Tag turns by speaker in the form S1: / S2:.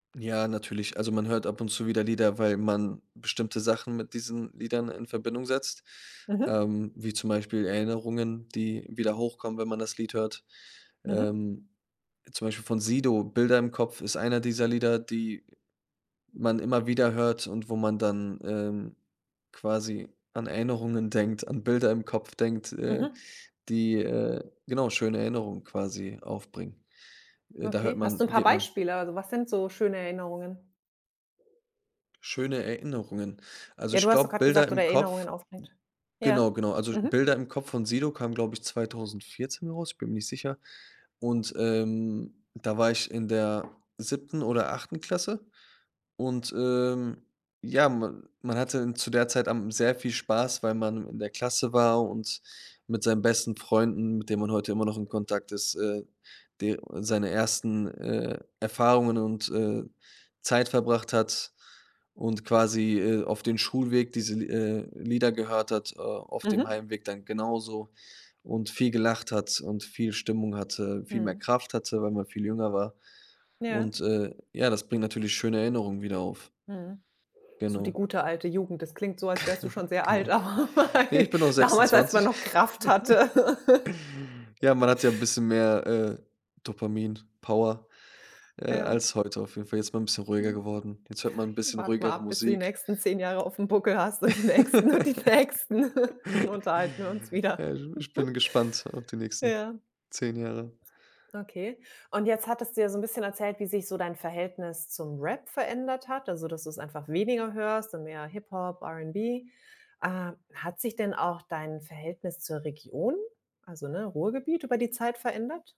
S1: Ja, natürlich, also, man hört ab und zu wieder Lieder, weil man bestimmte Sachen mit diesen Liedern in Verbindung setzt,
S2: Mhm.
S1: ähm, wie zum Beispiel Erinnerungen, die wieder hochkommen, wenn man das Lied hört,
S2: Mhm.
S1: ähm, zum Beispiel von Sido, „Bilder im Kopf“ ist einer dieser Lieder, die man immer wieder hört und wo man dann, ähm, quasi an Erinnerungen denkt, an Bilder im Kopf denkt, äh,
S2: Mhm.
S1: die, äh, genau, schöne Erinnerungen quasi aufbringen. Äh, da hört
S2: Okay, hast du
S1: man
S2: 'n paar
S1: geht man
S2: Beispiele? Also, was sind so schöne Erinnerungen?
S1: Schöne Erinnerungen. Also,
S2: Ja, du
S1: ich
S2: hast doch
S1: glaube,
S2: gerade
S1: „Bilder
S2: gesagt, oder
S1: im
S2: Erinnerungen
S1: Kopf“
S2: auf. [unintelligible] Ja.
S1: genau, genau, also,
S2: Mhm.
S1: „Bilder im Kopf“ von Sido kam, glaube ich, 2014 heraus, ich bin mir nicht sicher. Und, ähm, da war ich in der 7. oder 8. Klasse und, ähm, ja, man man hatte zu der Zeit am sehr viel Spaß, weil man in der Klasse war und mit seinen besten Freunden, mit denen man heute immer noch in Kontakt ist, äh, d seine 1., äh, Erfahrungen und, äh, Zeit verbracht hat und quasi, äh, auf den Schulweg diese, äh, Lieder gehört hat, äh, auf dem
S2: Mhm.
S1: Heimweg dann genauso und viel gelacht hat und viel Stimmung hatte, viel mehr
S2: Mhm.
S1: Kraft hatte, weil man viel jünger war.
S2: Ja.
S1: Und, äh, ja, das bringt natürlich schöne Erinnerungen wieder auf.
S2: Mhm. So die
S1: Genau.
S2: gute alte Jugend, das klingt so, als wärst du schon sehr alt,
S1: Genau.
S2: „Aber
S1: Ne, ich
S2: [unintelligible]
S1: bin noch
S2: damals, als man
S1: 26.
S2: noch Kraft hatte.“
S1: Ja, man hatte ja bisschen mehr, äh, Dopamin-Power, äh,
S2: Ja.
S1: als heute. Auf jeden Fall, jetzt ist man bisschen ruhiger
S2: Mhm.
S1: geworden. Jetzt hört man
S2: Mhm.
S1: bisschen
S2: Warte mal
S1: ruhigere
S2: ab, bis du die
S1: Musik.
S2: nächsten 10 Jahre aufm Buckel hast und die nächsten, und die nächsten, dann unterhalten wir uns wieder.
S1: Ich ich bin gespannt auf die nächsten
S2: Ja.
S1: 10 Jahre.
S2: Okay. Und jetzt hattest du ja so 'n bisschen erzählt, wie sich so dein Verhältnis zum Rap verändert hat, also, dass du's einfach weniger hörst und mehr Hip Hop, R'n'B, ähm, hat sich denn auch dein Verhältnis zur Region, also, ne, Ruhrgebiet über die Zeit verändert?